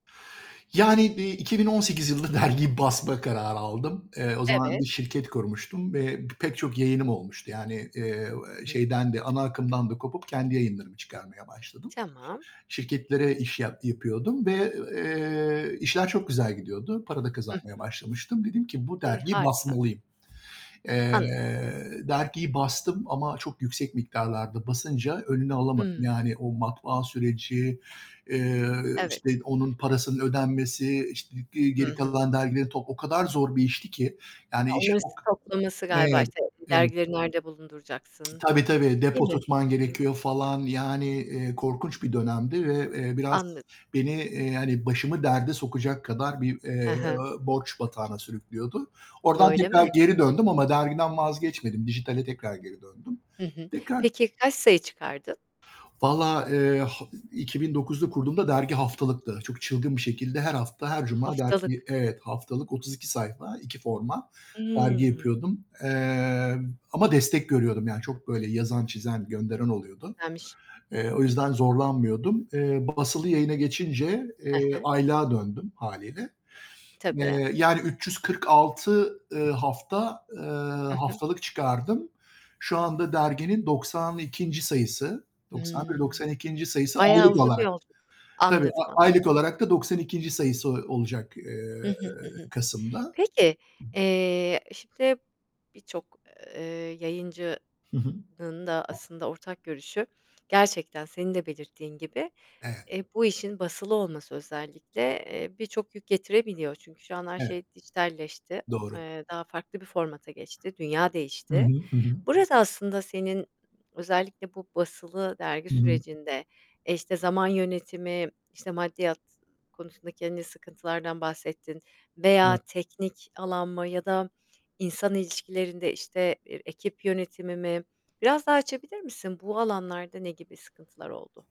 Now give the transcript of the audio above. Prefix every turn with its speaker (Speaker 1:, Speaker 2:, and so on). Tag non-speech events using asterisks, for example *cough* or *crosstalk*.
Speaker 1: Yani bi 2018 yılında dergiyi basma kararı aldım. Eee, o zaman
Speaker 2: Evet.
Speaker 1: bir şirket kurmuştum ve pek çok yayınım olmuştu; yani, eee,
Speaker 2: Hı hı.
Speaker 1: şeyden de, ana akımdan da kopup kendi yayınlarımı çıkarmaya başladım.
Speaker 2: Tamam.
Speaker 1: Şirketlere iş yap yapıyordum ve, eee, işler çok güzel gidiyordu. Para da
Speaker 2: Hı
Speaker 1: kazanmaya
Speaker 2: hı.
Speaker 1: başlamıştım. Dedim ki: "Bu
Speaker 2: E,
Speaker 1: dergiyi
Speaker 2: harika.
Speaker 1: basmalıyım." Eee,
Speaker 2: Anladım.
Speaker 1: dergiyi bastım ama çok yüksek miktarlarda basınca önünü alamadım;
Speaker 2: Hıı.
Speaker 1: yani, o matbaa süreci, eee, işte,
Speaker 2: Evet.
Speaker 1: onun parasının ödenmesi, işt g
Speaker 2: Hı
Speaker 1: geri
Speaker 2: hı.
Speaker 1: kalan dergileri top o kadar zor bir işti ki, yani, iş çok
Speaker 2: *unintelligible* toplaması galiba,
Speaker 1: Evet,
Speaker 2: işte,
Speaker 1: evet.
Speaker 2: dergileri nerede bulunduracaksın,
Speaker 1: Tabii, tabii,
Speaker 2: değil
Speaker 1: depo
Speaker 2: mi?
Speaker 1: tutman
Speaker 2: Hı hı.
Speaker 1: gerekiyor, falan, yani, eee, korkunç bir dönemdi ve, eee, biraz
Speaker 2: Anladım.
Speaker 1: beni, eee, yani, başımı derde sokacak kadar bir, eee,
Speaker 2: He he.
Speaker 1: borç batağına sürüklüyordu. Oradan
Speaker 2: Öyle
Speaker 1: tekrar
Speaker 2: mi?
Speaker 1: geri döndüm ama dergiden vazgeçmedim, dijitale tekrar geri döndüm.
Speaker 2: Hı hı.
Speaker 1: Tekrar
Speaker 2: Peki, kaç sayı çıkardın?
Speaker 1: Vallahi, eee, ha 2009'da kurduğumda dergi haftalıktı. Çok çılgın bir şekilde her hafta, her cuma dergi,
Speaker 2: Haftalık.
Speaker 1: evet, haftalık 32 sayfa, 2 forma dergi
Speaker 2: Hıı.
Speaker 1: yapıyordum, eee, ama destek görüyordum; yani, çok böyle yazan, çizen, gönderen oluyordu.
Speaker 2: Güzelmiş.
Speaker 1: Eee, o yüzden zorlanmıyordum. Eee, basılı yayına geçince,
Speaker 2: He
Speaker 1: eee,
Speaker 2: he.
Speaker 1: aylığa döndüm hâliyle,
Speaker 2: Tabii.
Speaker 1: eee, yani 346, ııı, hafta, eee,
Speaker 2: Hı hı.
Speaker 1: haftalık çıkardım. Şu anda derginin 92. sayısı, 91,
Speaker 2: Hıı.
Speaker 1: 92. sayısı
Speaker 2: Bayağı
Speaker 1: aylık
Speaker 2: uzun bir
Speaker 1: olarak.
Speaker 2: yolculuk.
Speaker 1: Tabii,
Speaker 2: Anladım, anladım.
Speaker 1: aylık olarak da 92. sayısı o olacak,
Speaker 2: Hı
Speaker 1: eee,
Speaker 2: hı. Hı hı.
Speaker 1: kasımda.
Speaker 2: Peki, eee, şimdi birçok, eee, yayıncının
Speaker 1: Hı hı.
Speaker 2: da aslında ortak görüşü, gerçekten senin de belirttiğin gibi,
Speaker 1: Evet.
Speaker 2: eee, bu işin basılı olması, özellikle, eee, birçok yük getirebiliyor. Çünkü şu an her
Speaker 1: Evet,
Speaker 2: şey dijitalleşti.
Speaker 1: doğru.
Speaker 2: Eee, daha farklı bir formata geçti. Dünya
Speaker 1: Hı
Speaker 2: değişti.
Speaker 1: hı, hı hı.
Speaker 2: Burada aslında senin, özellikle bu basılı dergi
Speaker 1: Hı hı.
Speaker 2: sürecinde, işte, zaman yönetimi, işte, maddiyat konusunda kendi sıkıntılardan bahsettin veya
Speaker 1: *unintelligible*
Speaker 2: teknik alan mı ya da insan ilişkilerinde, işte, bir ekip yönetimi mi? Biraz daha açabilir misin? Bu alanlarda ne gibi sıkıntılar oldu?